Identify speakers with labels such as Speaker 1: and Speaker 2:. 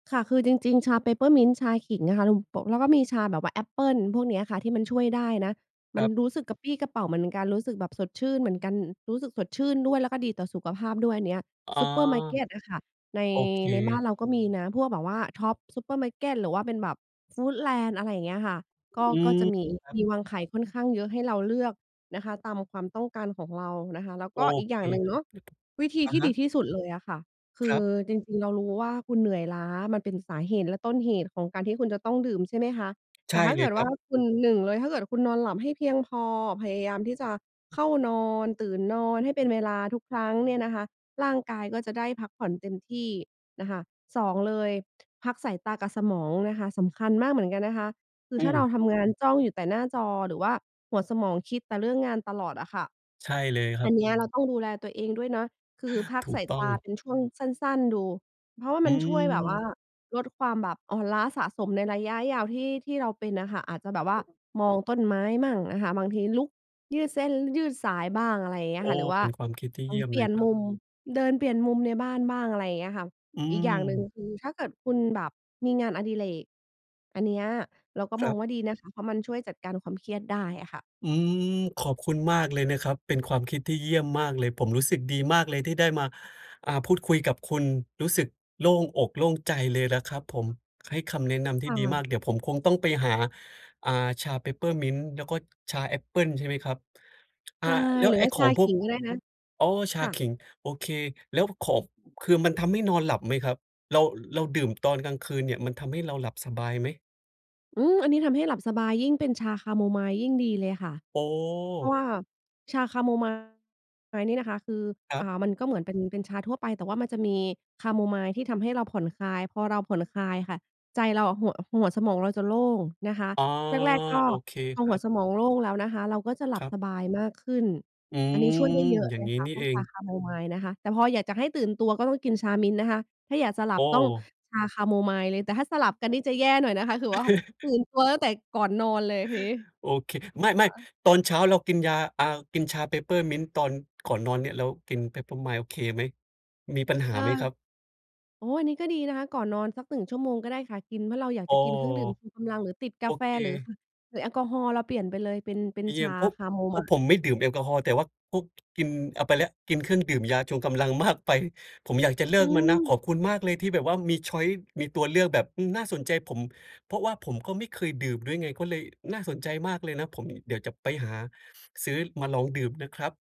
Speaker 1: ค่ะ คือจริง ๆ ชา Peppermint ชาขิงอะค่ะ ลุมโปะ แล้วก็มีชาแบบว่าแอปเปิลพวกเนี้ยอะค่ะที่มันช่วยได้นะ
Speaker 2: ค
Speaker 1: มัน
Speaker 2: รับ
Speaker 1: รู้สึกกระปรี้กระเปร่าเหมือนกัน รู้สึกแบบสดชื่นเหมือนกัน รู้สึกสดชื่นด้วย แล้วก็ดีต่อสุขภาพด้วยอันเนี้ย
Speaker 2: อ๋อ
Speaker 1: ซูเปอร์มาร์เกตอะค่ะ ใน
Speaker 2: โอเค
Speaker 1: ในบ้านเราก็มีนะ พวกแบบว่าท็อปส์ซูเปอร์มาร์เกต หรือว่าเป็นแบบฟู้ดแลนด์ อะไรอย่างเงี้ยค่ะ ก็
Speaker 2: อื
Speaker 1: ก็
Speaker 2: ม
Speaker 1: จะมี
Speaker 2: ครับ
Speaker 1: มีวางขายค่อนข้างเยอะให้เราเลือกนะคะ ตามความต้องการของเรานะคะ แล้ว
Speaker 2: โอ
Speaker 1: ก็อีก
Speaker 2: เ
Speaker 1: อ
Speaker 2: ค
Speaker 1: ย่างหนึ่ง
Speaker 2: คร
Speaker 1: เน
Speaker 2: ั
Speaker 1: า
Speaker 2: บ
Speaker 1: ะ วิธี
Speaker 2: อะ
Speaker 1: ที่
Speaker 2: ฮ
Speaker 1: ดี
Speaker 2: ะ
Speaker 1: ที่สุดเลยอะค่ะ ค
Speaker 2: ค
Speaker 1: ื
Speaker 2: ร
Speaker 1: อ
Speaker 2: ับ
Speaker 1: จริง ๆ เรารู้ว่าคุณเหนื่อยล้า มันเป็นสาเหตุและต้นเหตุของการที่คุณจะต้องดื่ม ใช่ไหมคะ
Speaker 2: ใ
Speaker 1: แ
Speaker 2: ช
Speaker 1: ต่
Speaker 2: ่
Speaker 1: ถ้า
Speaker 2: เล
Speaker 1: เก
Speaker 2: ย
Speaker 1: ิด
Speaker 2: ค
Speaker 1: ว
Speaker 2: ร
Speaker 1: ่
Speaker 2: ั
Speaker 1: า
Speaker 2: บ
Speaker 1: คุณ 1 เลย ถ้าเกิดคุณนอนหลับให้เพียงพอ พยายามที่จะเข้านอน ตื่นนอนให้เป็นเวลาทุกครั้งเนี่ยนะคะ ร่างกายก็จะได้พักผ่อนเต็มที่นะคะ 2 เลย พักสายตากับสมองนะคะ สำคัญมากเหมือนกันนะคะ คื
Speaker 2: อ
Speaker 1: อถ้
Speaker 2: ื
Speaker 1: าเร
Speaker 2: ม
Speaker 1: าทำ งานจ้องอยู่แต่หน้าจอ หรือว่าหัวสมองคิดแต่เรื่องงานตลอดอะค่ะ
Speaker 2: ใช่เลยคร
Speaker 1: อ
Speaker 2: ั
Speaker 1: ั
Speaker 2: บ
Speaker 1: นเนี้ยเราต้องดูแลตัวเองด้วยนะ คือพัก
Speaker 2: ถู
Speaker 1: ส
Speaker 2: ก
Speaker 1: าย
Speaker 2: ต
Speaker 1: ต
Speaker 2: ้อง
Speaker 1: าเป็นช่วงสั้น ๆ ดู เพราะว่า
Speaker 2: อ
Speaker 1: ม
Speaker 2: ื
Speaker 1: ันช่วยแบบว่า
Speaker 2: ม
Speaker 1: ลดความแบบอ่อนล้าสะสมในระยะยาวที่ ที่เราเป็นอะค่ะ อาจจะแบบว่า มองต้นไม้มั่งอะค่ะ บางทีลุกยืดเส้น ล ยืดสายบ้าง อะไรอย่างเงี้
Speaker 2: โอ
Speaker 1: ย
Speaker 2: ้
Speaker 1: ค่ะ หรือว
Speaker 2: เ
Speaker 1: ่
Speaker 2: ป
Speaker 1: า
Speaker 2: ็นความคิดที่
Speaker 1: ล
Speaker 2: เย
Speaker 1: อ
Speaker 2: ี
Speaker 1: ง
Speaker 2: ่ยม
Speaker 1: เป
Speaker 2: เ
Speaker 1: ลี
Speaker 2: ล
Speaker 1: ่ย
Speaker 2: ย
Speaker 1: น
Speaker 2: ครั
Speaker 1: ม
Speaker 2: บ
Speaker 1: ุม เดินเปลี่ยนมุมในบ้านบ้าง อะไรอย่างเงี้ยค่ะ
Speaker 2: อื
Speaker 1: อีกอย่างหนึ่ง
Speaker 2: ม
Speaker 1: คือถ้าเกิดคุณแบบมีงานอดิเรก อันเนี้ยเราก็
Speaker 2: ค
Speaker 1: ม
Speaker 2: รั
Speaker 1: อง
Speaker 2: บ
Speaker 1: ว่าดีนะคะ เพราะมันช่วยจัดการความเครียดได้อะค่ะ
Speaker 2: อืม ขอบคุณมากเลยนะครับ เป็นความคิดที่เยี่ยมมากเลย ผมรู้สึกดีมากเลยที่ได้มา อ่า พูดคุยกับคุณ รู้สึกโล่งอก โล่งใจเลยล่ะครับผม ให้คำแนะนำที่
Speaker 1: ค่
Speaker 2: ดีมา
Speaker 1: ะ
Speaker 2: ก เดี๋ยวผมคงต้องไปหา อ่า ชา Peppermint แล้วก็ชาแอปเปิลใช่ไหมครับ? อ
Speaker 1: ใ
Speaker 2: ่
Speaker 1: ช
Speaker 2: า
Speaker 1: ่
Speaker 2: แล้ว
Speaker 1: หรื
Speaker 2: ไ
Speaker 1: อ
Speaker 2: อ้
Speaker 1: ว่า
Speaker 2: ข
Speaker 1: ช
Speaker 2: อ
Speaker 1: า
Speaker 2: งพ
Speaker 1: ข
Speaker 2: วก
Speaker 1: ิงก็ได้นะ
Speaker 2: อ๋อ ช
Speaker 1: ค
Speaker 2: า
Speaker 1: ่
Speaker 2: ข
Speaker 1: ะ
Speaker 2: ิง โอเค แล้วขอบ อ คือมันทำให้นอนหลับไหมครับ? เรา เราดื่มตอนกลางคืนเนี่ยมันทำให้เราหลับสบายไหม?
Speaker 1: อืม อันนี้ทำให้หลับสบาย ยิ่งเป็นชาแคโมไมล์ยิ่งดีเลยค่ะ
Speaker 2: โอ
Speaker 1: เพรา
Speaker 2: ้
Speaker 1: ะว่าชาแคโมไมล์นี่นะคะคือ
Speaker 2: ครั
Speaker 1: อ่
Speaker 2: บ
Speaker 1: า มันก็เหมือนเป็น เป็นชาทั่วไป แต่ว่ามันจะมีแคโมไมล์ที่ทำให้เราผ่อนคลาย พอเราผ่อนคลายอะค่ะ ใจเราอะ หัว หัวสมองเราจะโล่งนะคะ
Speaker 2: อ๋อ
Speaker 1: แรก ๆ ก็
Speaker 2: โอเค
Speaker 1: พอ
Speaker 2: คร
Speaker 1: ห
Speaker 2: ั
Speaker 1: ัว
Speaker 2: บ
Speaker 1: สมองโล่งแล้วนะคะ เราก็จะหลั
Speaker 2: ค
Speaker 1: บ
Speaker 2: รับ
Speaker 1: สบายมากขึ้น
Speaker 2: อื
Speaker 1: อันนี้
Speaker 2: ม
Speaker 1: ช่วยได้เยอะ
Speaker 2: อย่
Speaker 1: เ
Speaker 2: า
Speaker 1: ล
Speaker 2: ง
Speaker 1: ย
Speaker 2: งี้
Speaker 1: ค่ะ
Speaker 2: นี่
Speaker 1: พว
Speaker 2: เ
Speaker 1: ก
Speaker 2: อ
Speaker 1: ช
Speaker 2: ง
Speaker 1: าแคโมไมล์นะคะ แต่พออยากจะให้ตื่นตัวก็ต้องกินชา Mint นะคะ ถ้าอยากจะหล
Speaker 2: โอ
Speaker 1: ับต้อง
Speaker 2: ้
Speaker 1: ชาแคโมไมล์เลย แต่ถ้าสลับกันนี่จะแย่หน่อยนะคะ คือว่า ตื่นตัวตั้งแต่ก่อนนอนเลยทีนี้
Speaker 2: โอ
Speaker 1: ค
Speaker 2: เค ไม่
Speaker 1: ่ะ
Speaker 2: ๆ ตอนเช้าเรากินยา อ่า กินชา Peppermint ตอนก่อนนอนเนี่ย เรากิน Peppermint โอเคไหม มีปัญห
Speaker 1: เ
Speaker 2: า
Speaker 1: ออ
Speaker 2: ไหมครับ?
Speaker 1: โอ้ อันนี้ก็ดีนะคะ ก่อนนอนสัก 1 ชั่วโมงก็ได้ค่ะ กิน เพราะเราอยาก
Speaker 2: อ้
Speaker 1: จะ
Speaker 2: อ
Speaker 1: กินเครื่องดื่มชูกำลัง หรือติดก
Speaker 2: โอ
Speaker 1: าแฟ
Speaker 2: เค
Speaker 1: หรือ ค่ะ หรือแอลกอฮอล์ เราเปลี่ยนไปเลย เป็น เป็
Speaker 2: อ
Speaker 1: น
Speaker 2: เย
Speaker 1: ช
Speaker 2: ีย
Speaker 1: า
Speaker 2: ม พ
Speaker 1: แ
Speaker 2: ก
Speaker 1: คโม
Speaker 2: เพ
Speaker 1: ไม
Speaker 2: ราะ
Speaker 1: ล
Speaker 2: ผ
Speaker 1: ์
Speaker 2: มไม่ดื่มแอลกอฮอล์ แต่ว่าก๊ก กิน เอาไปแล้ว กินเครื่องดื่มยาชงกำลัง มากไป ผมอยากจะเล
Speaker 1: อ
Speaker 2: ิ
Speaker 1: ื
Speaker 2: กมันนะ ขอ
Speaker 1: ม
Speaker 2: บคุณมากเลยที่แบบว่ามี ชอยซ์ มีตัวเลือกแบบ อืม น่าสนใจ ผม เพราะว่าผมก็ไม่เคยดื่มด้วยไง ก็เลยน่าสนใจมากเลยนะ ผม เดี๋ยวจะไปหา ซื้อมาลองดื่มนะครับ